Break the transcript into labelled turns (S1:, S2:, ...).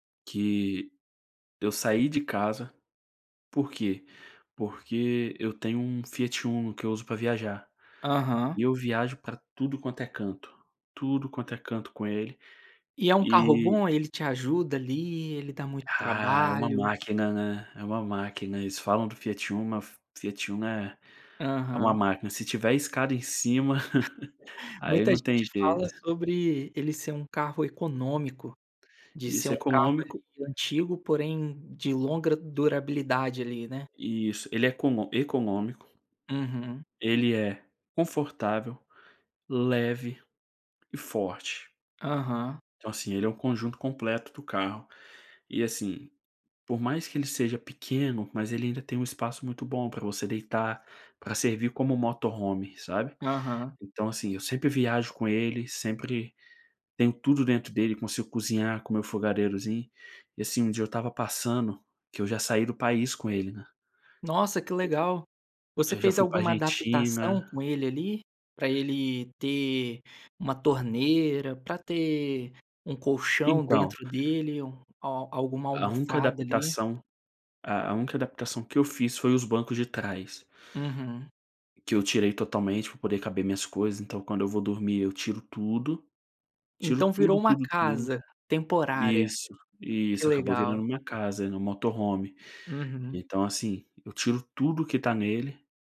S1: Que eu saí de casa, por quê? Porque eu tenho um Fiat Uno que eu uso para viajar,
S2: Aham.
S1: e eu viajo para tudo quanto é canto, tudo quanto é canto com ele,
S2: E é um carro
S1: e
S2: bom, ele te ajuda ali, ele dá muito
S1: Ah, é um
S2: trabalho?
S1: máquina, né, é uma máquina, eles falam que do Fiat Uno, mas o Fiat Uno é é uma
S2: Aham.
S1: máquina, se tiver escada em cima, aí
S2: Muita
S1: não tem
S2: gente fala
S1: jeito.
S2: sobre ele ser um carro econômico, de ser
S1: Isso,
S2: um carro ali
S1: econômico
S2: antigo, porém de longa durabilidade ali, né.
S1: Isso, ele é econô econômico.
S2: Uhum.
S1: Ele é confortável, leve e forte.
S2: Aham.
S1: Então assim, é um conjunto completo do carro, e assim, por mais que ele seja pequeno, mas ele ainda tem um espaço muito bom para você deitar, para servir como Motorhome, sabe.
S2: Aham.
S1: Então assim, eu sempre viajo com ele, sempre tenho tudo dentro dele, consigo cozinhar com meu fogareirozinho, e assim, um dia eu estava passando, que eu já saí do país com ele, né.
S2: Nossa que legal, você
S1: Eu já
S2: fez
S1: fui para
S2: alguma
S1: Argentina.
S2: adaptação com ele ali, para ele ter uma torneira, para ter um colchão
S1: Então
S2: dentro dele, al alguma
S1: A única
S2: almofada ali.
S1: adaptação a única adaptação que eu fiz foi os bancos de trás.
S2: Uhum.
S1: Que eu tirei totalmente pra poder caber minhas coisas, então quando eu vou dormir eu tiro tudo, tiro
S2: Então virou
S1: tudo,
S2: uma
S1: tudo, tudo.
S2: casa temporária.
S1: Isso,
S2: Que
S1: isso, acabou
S2: legal.
S1: virando minha casa, meu Motorhome,
S2: Uhum.
S1: então assim, eu tiro tudo que tá nele.